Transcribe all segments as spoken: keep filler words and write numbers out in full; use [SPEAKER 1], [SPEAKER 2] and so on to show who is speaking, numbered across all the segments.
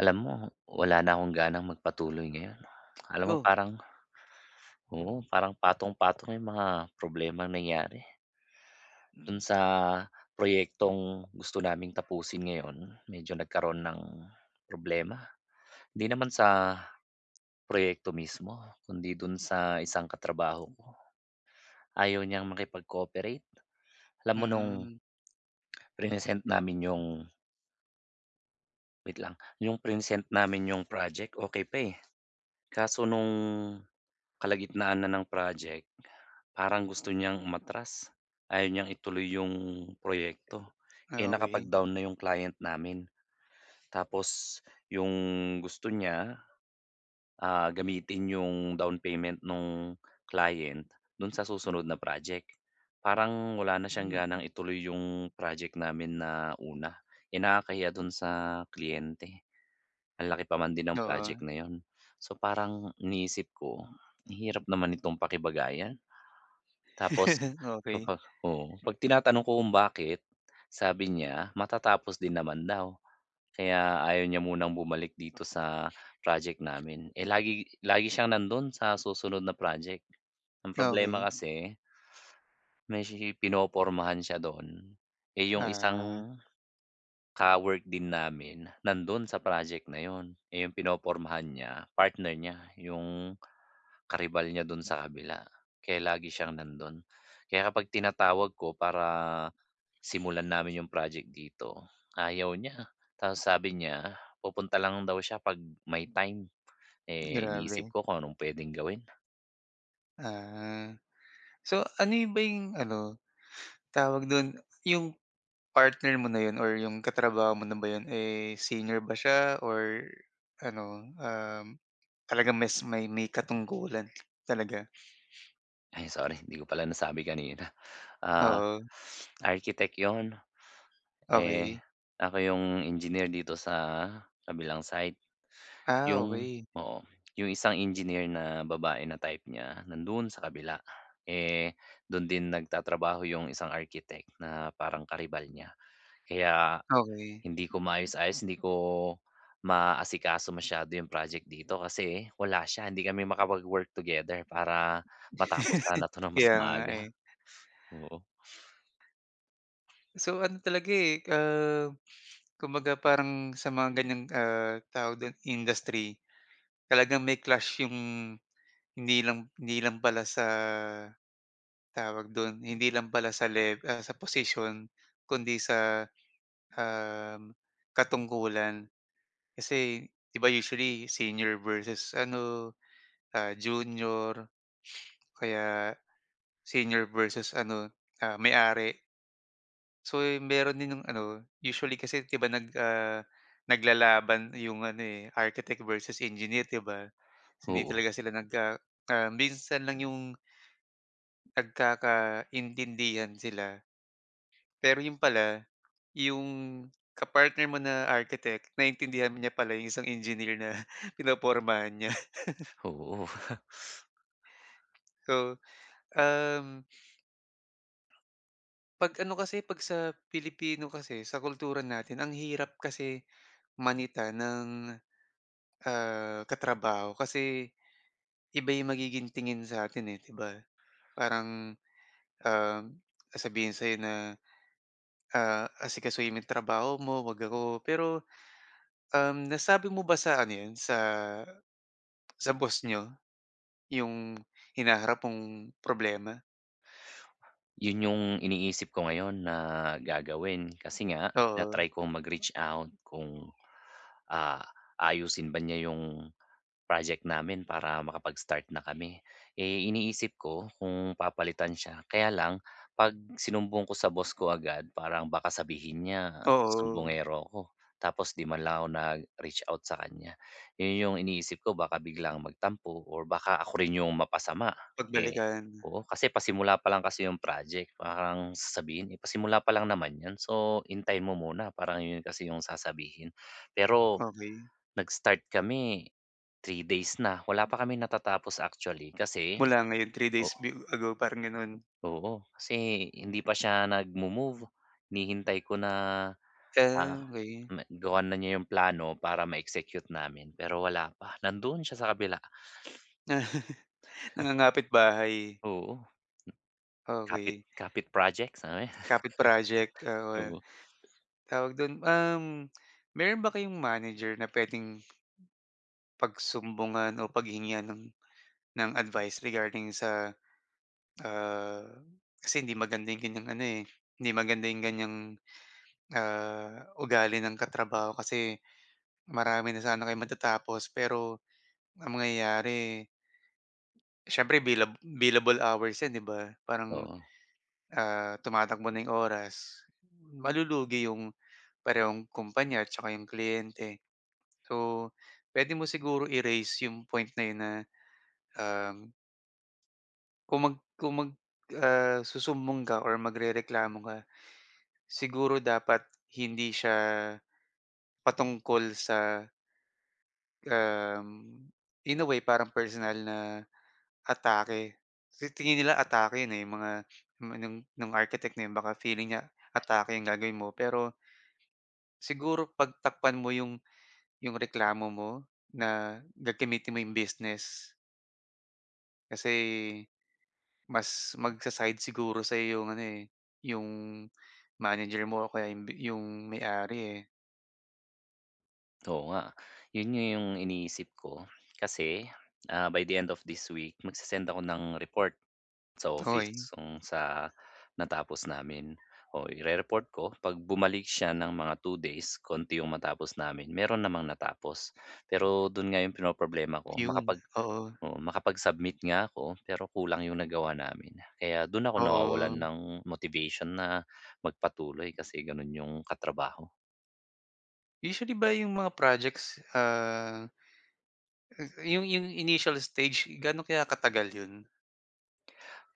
[SPEAKER 1] Alam mo, wala na akong ganang magpatuloy ngayon. Alam mo,
[SPEAKER 2] Oh.
[SPEAKER 1] parang oo, parang patong-patong yung mga problemang nangyari. Do'n
[SPEAKER 2] Mm.
[SPEAKER 1] sa, proyektong gusto naming tapusin ngayon, medyo nagkaroon ng problema. Hindi naman sa proyekto mismo, kundi do'n sa isang katrabaho ko. Ayaw niyang makipag-cooperate. Alam mo no'ng
[SPEAKER 2] Hmm.
[SPEAKER 1] prinesent namin yung Wait lang, 'yong prinesent namin 'yong project, okey pa, eh. Kaso no'ng, kalagitnaan na ng project, parang gusto niyang umatras. Ayaw niyang ituloy 'yong, proyekto. Eh,
[SPEAKER 2] Ah, okey.
[SPEAKER 1] nakapag-down na 'yong client namin. Tapos yung gusto niya, ah, gamitin yung down payment no'ng client do'n sa susunod na project. Parang wala na siyang
[SPEAKER 2] Mm.
[SPEAKER 1] ganang ituloy yung project namin na una. Eh, nakakahiya do'n sa kliyente. Ang laki pa man din ng project
[SPEAKER 2] Oo.
[SPEAKER 1] na yun. So parang iniisip ko, ang hirap naman nitong pakibagayan. Tapos
[SPEAKER 2] Okey.
[SPEAKER 1] kapag oo. 'Pag tinatanong ko kung bakit, sabi niya, matatapos din naman daw, kaya ayaw niya munang bumalik dito sa project namin. Eh, lagi lagi siyang nando'n sa susunod na project. Ang problema
[SPEAKER 2] Okey.
[SPEAKER 1] kasi may sishi pinopormahan siya do'n. Eh, yung
[SPEAKER 2] Ah.
[SPEAKER 1] isang, ka-work din namin, nando'n sa project na 'yon. Eh, 'yong pinopormahan niya, partner niya 'yong, karibal niya do'n sa kabila, kaya lagi siyang nandon. Kaya kapag tinatawag ko para, simulan namin 'yong project dito, ayaw niya. Tapos sabi niya, pupunta lang daw siya 'pag may time. Eh, iniisip
[SPEAKER 2] Grabe.
[SPEAKER 1] ko kung anong pwedeng gawin.
[SPEAKER 2] Ah. So ano yun ba yung ano, tawag dun? Yung partner mo na yun or yung ka-trabaho mo na ba yun eh, senior ba siya or ano, um, talagang mas may may katungkulan talaga?
[SPEAKER 1] Ay sorry, hindi ko pala nasabi kanina. Ah,
[SPEAKER 2] Oo.
[SPEAKER 1] architect 'yon. Eh,
[SPEAKER 2] Okey.
[SPEAKER 1] ako 'yong engineer dito sa kabilang site.
[SPEAKER 2] Ah,
[SPEAKER 1] 'Yong
[SPEAKER 2] okey.
[SPEAKER 1] oo, 'yong isang engineer na babae na type niya, nandoon sa kabila. Eh, dun din nag-tatrabaho 'yong isang architect na parang karibal niya. Kaya,
[SPEAKER 2] Okey.
[SPEAKER 1] hindi ko maayos-ayos, hindi ko maasikaso masyado 'yong project dito kasi wala siya, hindi kami makapag-work together para matapos sana 'to nang mas
[SPEAKER 2] Kaya nga
[SPEAKER 1] maaga.
[SPEAKER 2] eh.
[SPEAKER 1] Oo.
[SPEAKER 2] So ano talaga eh, ah, kumbaga parang sa mga ganyang, ah, tawag dun, industry, talagang may clash yung hindi lang hindi lang pala sa, tawag do'n, hindi lang pala sa lev ah, sa posisyon kundi sa, um, katungkulan. Kasi, 'di ba usually senior versus ano, ah, junior. Kaya, senior versus ano, ah, may-ari. So meron din yung ano, usually kasi 'di ba nag ah, nag-lalaban 'yong ano eh, architect versus engineer 'di ba? Hindi
[SPEAKER 1] Oo.
[SPEAKER 2] talaga sila nagka ah, minsan lang 'yong nagkaka-intindihan sila. Pero yun pala yung ka-partner mo na architect naintindihan niya pala yung isang engineer na pinopormahan niya.
[SPEAKER 1] Oo.
[SPEAKER 2] So, um 'Pag ano kasi, pag sa Pilipino kasi, sa kultura natin ang hirap kasi manita ng, ah, ka-trabaho kasi, iba yung magiging tingin sa atin eh, 'di ba? Parang, um, sabihin sayo na, ah, asikasuhin mo yung trabaho mo wag ako. Pero, um, nasabi mo ba sa ano yun, sa sa boss niyo? Yung hinaharap mong problema?
[SPEAKER 1] 'Yun 'yung iniisip ko ngayon na gagawin, kasi nga
[SPEAKER 2] Oo.
[SPEAKER 1] na-try kong mag-reach out kung, ah, aayusin ba niya 'yong project namin para makapag-start na kami. Eh, iniisip ko kung papalitan siya, kaya lang 'pag sinumbong ko sa boss ko agad parang baka sabihin niya
[SPEAKER 2] Oo.
[SPEAKER 1] sumbongero ako, tapos 'di man lang ako nag-reach out sa kaniya. 'Yon 'yong iniisip ko, baka biglang magtampo or baka ako rin 'yong mapasama, eh
[SPEAKER 2] Pagbalikan.
[SPEAKER 1] oo kasi pasimula pa lang kasi 'yong project parang sasabihin, eh, "Pasimula pa lang naman 'yon, so hintayin mo muna." parang 'yon kasi 'yong sasabihin. Pero
[SPEAKER 2] Okey.
[SPEAKER 1] nag-start kami three days na wala pa kaming natatapos actually, kasi
[SPEAKER 2] Mula ngayon, three
[SPEAKER 1] o
[SPEAKER 2] days bi ago parang gano'n.
[SPEAKER 1] Oo, kasi hindi pa siya nagmo-move hinihintay ko na, ah,
[SPEAKER 2] Ah, okey.
[SPEAKER 1] m gawa na niya 'yung plano para ma-execute namin, pero wala pa. Nando'n siya sa kabila.
[SPEAKER 2] Nangangapitbahay.
[SPEAKER 1] Oo. Kapit
[SPEAKER 2] Okey.
[SPEAKER 1] kapit projects, [unintelligible]
[SPEAKER 2] Kapit project. [unintelligible]
[SPEAKER 1] oo.
[SPEAKER 2] T tawag do'n, um, meron ba kayong manager na puwedeng pagsumbungan o paghingian ng ng advice regarding sa, ah kasi hindi maganda 'yong ganiyang ano, eh, hindi maganda 'yong ganyang, ah, ugali ng katrabaho, kasi marami na sana kayong matatapos pero ang mangyayari siyempre bilab billable hours 'yan 'di ba. Parang,
[SPEAKER 1] Oo.
[SPEAKER 2] ah, tumatakbo na 'yung oras, malulugi 'yong parehong kumpanya at saka 'yong kliyente. So puwede mo siguro i-raise'yong point na 'yon na, um Kung mag kung mag, ah susumbong ka or magrereklamo ka, siguro dapat hindi siya, patungkol sa um, in a way parang personal na atake. Kasi tingin nila atake yun eh, yung mga nung anong nung architect na yun, baka feeling niya atake ang gagawin mo pero, siguro pag takpan mo yung yung reklamo mo, na gagamitin mo yung business. Kasi, mas mag-sa-side siguro sayo yung ano eh, yung manager mo, o kaya yung bi yung may-ari eh.
[SPEAKER 1] Oo nga. Yun yung iniisip ko kasi, ah, by the end of this week magse-send ako ng report, sa
[SPEAKER 2] Okey.
[SPEAKER 1] office kung sa natapos namin. Oo, i-report ko pag bumalik siya ng mga two days, konti yung matapos namin, meron namang natapos. Pero dun nga yung pinoproblema ko,
[SPEAKER 2] Yun,
[SPEAKER 1] makapag
[SPEAKER 2] oo.
[SPEAKER 1] oo, makapag-submit nga ako pero kulang 'yong nagawa namin, kaya dun ako nawawalan
[SPEAKER 2] Oo.
[SPEAKER 1] ng motivation na magpatuloy kasi ganun yung ka-trabaho.
[SPEAKER 2] Usually ba yung mga projects, ah, 'yong 'yong initial stage ga'no kaya katagal 'yon?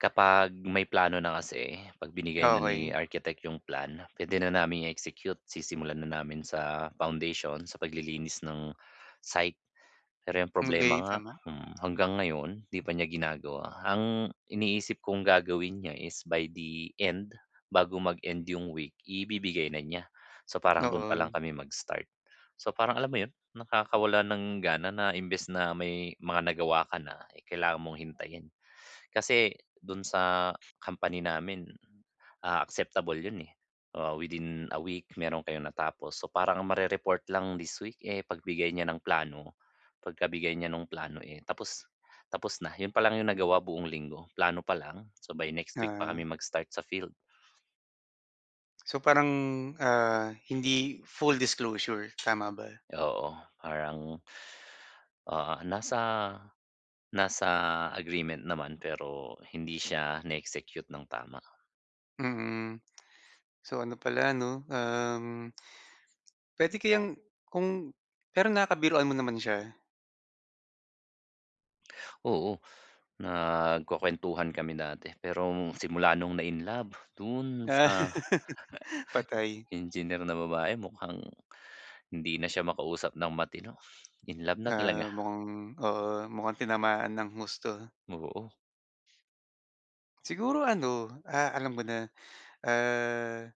[SPEAKER 1] Kapag may plano na kasi, 'pag binigay na ni
[SPEAKER 2] Okey.
[SPEAKER 1] architect yung plan, pwede na naming i-execute. Sisimulan na namin sa foundation' sa paglilinis ng site. Pero yung
[SPEAKER 2] Ang
[SPEAKER 1] problema
[SPEAKER 2] gay [unintelligible]
[SPEAKER 1] nga,
[SPEAKER 2] naman.
[SPEAKER 1] hmm, hanggang ngayon 'di pa niya ginagawa. Ang iniisip kong gagawin niya is by the end, bago mag-end yung week ibibigay na niya, so parang dun pa lang
[SPEAKER 2] Oo.
[SPEAKER 1] kami mag-start. So parang alam mo yun nakakawala ng gana na imbes na may mga nagawa ka na, eh, kailangan mong hintayin. Kasi dun sa company namin, ah, acceptable yun, eh, ah, within a week meron kayong natapos so parang ang marereport lang this week, eh, pagbigay niya ng plano. Pagkabigay niya nung plano, eh, tapos tapos na. Yun palang yung nagawa buong linggo, plano pa lang, so by next week pa kami
[SPEAKER 2] Ah.
[SPEAKER 1] mag-start sa field.
[SPEAKER 2] So parang, ah, hindi full disclosure tama ba?
[SPEAKER 1] Oo, parang, ah, nasa, nasa agreement naman pero hindi siya na-execute ng tama.
[SPEAKER 2] Mm. So ano pala 'no, um pwede kayang, kung pero nakakabiruan mo naman siya?
[SPEAKER 1] Oo, nagkukuwentuhan kami dati, pero simula nung na-in love dun
[SPEAKER 2] Ah,
[SPEAKER 1] sa
[SPEAKER 2] patay.
[SPEAKER 1] engineer na babae mukhang hindi na siya makausap ng matino, in love na talaga.
[SPEAKER 2] Ah, mukhang oo, mukhang tinamaan nang husto.
[SPEAKER 1] Oo.
[SPEAKER 2] Siguro ano, ah, alam ko na, ah,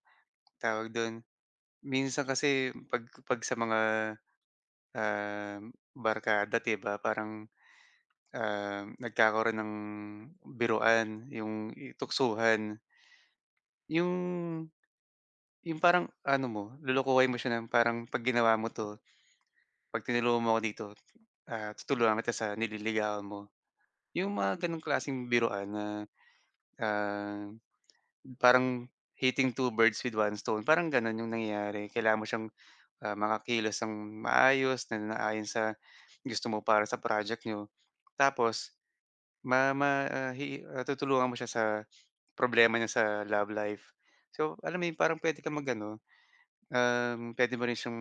[SPEAKER 2] tawag dun, minsan kasi 'pag 'pag sa mga, ah, barkada, di ba, parang, um, nagkakaroon ng biruan yung i tuksuhan. Yung yung parang ano mo, lolokohin mo siya ng parang, "Pag ginawa mo 'to, 'pag tinulungan mo 'ko dito, ah, tutulungan kita sa nililigawan mo." 'Yong mga ganong klaseng biruan na, ah, parang hitting two birds with one stone parang gano'n 'yong nangyari. Kailangan mo siyang, ah, makakilos nang maayos na naayon sa gusto mo para sa project n'yo. Tapos ma ma ah, he ah, tutulungan mo siya sa problema niya sa love life. So alam mo yun, parang puwede kang mag-ano, um, puwede mo rin siyang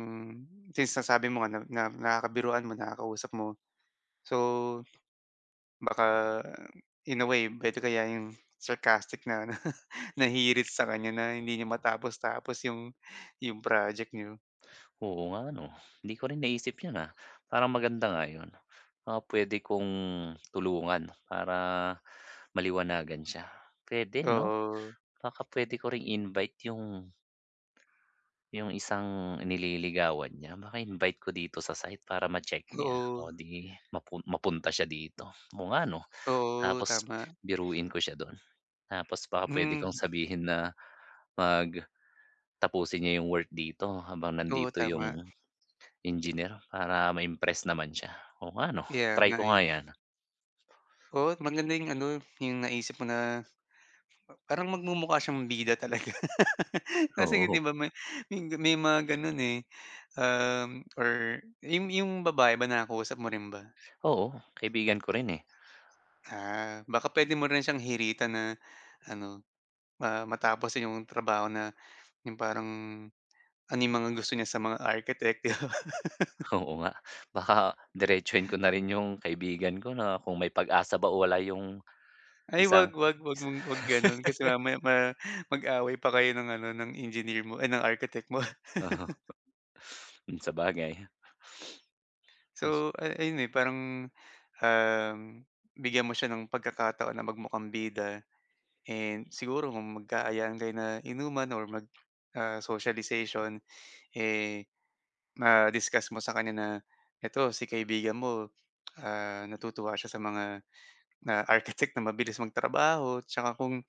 [SPEAKER 2] since nasabi mo nga na na nakakabiruan mo, nakakausap mo. So, baka in a way puwede kaya 'yong sarcastic na ano, na hirit sa kanya na hindi niyo matapos-tapos 'yong 'yong project n'yo.
[SPEAKER 1] Oo nga 'no, hindi ko rin naisip yun, ah, parang maganda nga yun. Ah, pwede kong tulungan para maliwanagan siya, pwede no?
[SPEAKER 2] Oo.
[SPEAKER 1] Baka pwede ko ring i-invite yung Yung isang nililigawan niya, baka invite ko dito sa site para ma-check niya o
[SPEAKER 2] Oo.
[SPEAKER 1] 'di mapu mapunta siya dito, oo nga 'no?
[SPEAKER 2] Oo,
[SPEAKER 1] Tapos
[SPEAKER 2] tama.
[SPEAKER 1] biruin ko siya do'n, tapos baka pwede
[SPEAKER 2] Mm
[SPEAKER 1] kong sabihin na pag tapusin niya 'yong work dito habang
[SPEAKER 2] Oo,
[SPEAKER 1] nandito
[SPEAKER 2] tama.
[SPEAKER 1] 'yong engineer para ma-impress naman siya, oo nga 'no?
[SPEAKER 2] Kaya
[SPEAKER 1] Try
[SPEAKER 2] nga
[SPEAKER 1] ko
[SPEAKER 2] eh.
[SPEAKER 1] nga 'yan.
[SPEAKER 2] Oo't maganda yung ano, yung naisip mo na, a parang magmumukha siyang bida talaga. Kasi di
[SPEAKER 1] Oo.
[SPEAKER 2] ba may m may mga ganon, eh, um, or yung yung babae ba nakakausap mo rin ba?
[SPEAKER 1] Oo, kaibigan ko rin eh.
[SPEAKER 2] Ah, baka pwede mo rin siyang hiritan na ano, ah, matapos yung trabaho na, yung parang ano yung mga gusto niya sa mga architect, di ba?
[SPEAKER 1] Oo nga, baka diretsuhin ko na rin yung kaibigan ko na kung may pag-asa ba o wala yung
[SPEAKER 2] Ay, wag,
[SPEAKER 1] isang
[SPEAKER 2] wag, wag mong wag ganun kasi mamaya ma mag-away pa kayo ng ano, ng engineer mo, ay ng architect mo.
[SPEAKER 1] Mm, sabagay. Tas
[SPEAKER 2] So, ay ayun, eh, parang, um, bigyan mo siya ng pagkakataon na magmukhang bida. And siguro kung magkaayaan kayo na inuman or mag ah, socialization, eh, ma-discuss mo sa kanya na, ito si kaibigan mo, ah, natutuwa siya sa mga na, architect na mabilis magtrabaho 'tsaka kung,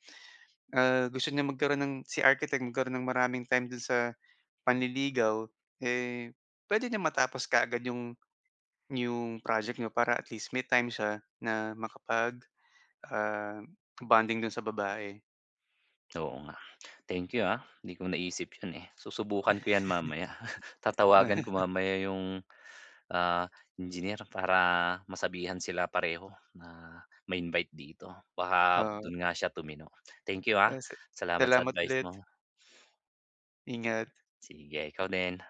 [SPEAKER 2] ah, gusto niyang magkaroon ng si architect magkaroon ng maraming time do'n sa panliligaw, eh, puwede niyang matapos kaagad 'yong yong project n'yo para at least may time siya na makapag ah, bonding do'n sa babae.
[SPEAKER 1] Oo nga, thank you, ah, hindi ko naisip yun, eh. Susubukan ko yan mamaya. Tatawagan ko mamaya yung, ah, engineer para masabihan sila pareho na ma-invite dito, baka
[SPEAKER 2] Oo.
[SPEAKER 1] dun nga siya tumino. Thank you ah,
[SPEAKER 2] Ah, si
[SPEAKER 1] salamat sa
[SPEAKER 2] salamat
[SPEAKER 1] advice
[SPEAKER 2] ulit.
[SPEAKER 1] mo.
[SPEAKER 2] Ingat.
[SPEAKER 1] Sige, ikaw din.